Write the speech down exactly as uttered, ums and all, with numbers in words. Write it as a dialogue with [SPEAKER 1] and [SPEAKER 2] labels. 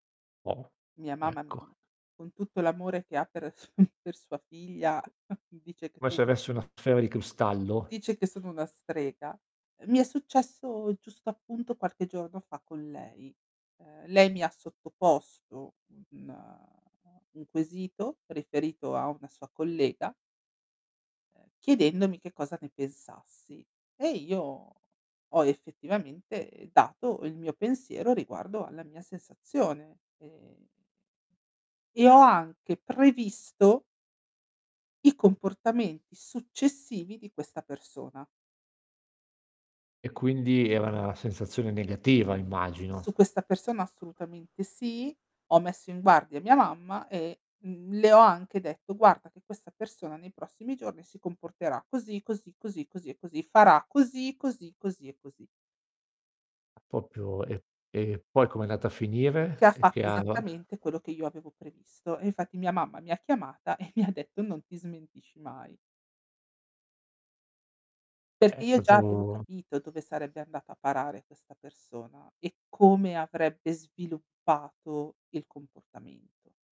[SPEAKER 1] Oh,
[SPEAKER 2] Mia mamma, mhmm,
[SPEAKER 1] ecco.
[SPEAKER 2] con tutto l'amore che ha per su per sua figlia
[SPEAKER 1] Co
[SPEAKER 2] dice che
[SPEAKER 1] come
[SPEAKER 2] sono
[SPEAKER 1] se avessi una sfera di cristallo.
[SPEAKER 2] dice che sono una strega. Ehm, mi è successo giusto appunto qualche giorno fa con lei. Ehm, lei mi ha sottoposto un un quesito riferito a una sua collega ehm, chiedendomi che cosa ne pensassi. E io ho effettivamente dato il mio pensiero riguardo alla mia sensazione e e ho anche previsto i comportamenti successivi di questa persona.
[SPEAKER 1] E quindi era na sensazione negativa, immagino.
[SPEAKER 2] Su questa persona assolutamente sì, ho messo in guardia mia mamma e, mhmm, le ho anche detto: "Guarda che questa persona nei prossimi giorni si comporterà così, così, così, così, e così, farà così, così, così, e così".
[SPEAKER 1] Ah propio e e poi com'è andata a
[SPEAKER 2] Che
[SPEAKER 1] finire?
[SPEAKER 2] ha fatto
[SPEAKER 1] [unintelligible]
[SPEAKER 2] esattamente quello che io avevo previsto, e infatti mia mamma mi ha chiamata e mi ha detto: "Non ti smentisci mai". Perché
[SPEAKER 1] È
[SPEAKER 2] io già
[SPEAKER 1] stato
[SPEAKER 2] avevo
[SPEAKER 1] un
[SPEAKER 2] capito dove sarebbe andata a parare questa persona, e come avrebbe sviluppato il comportamento.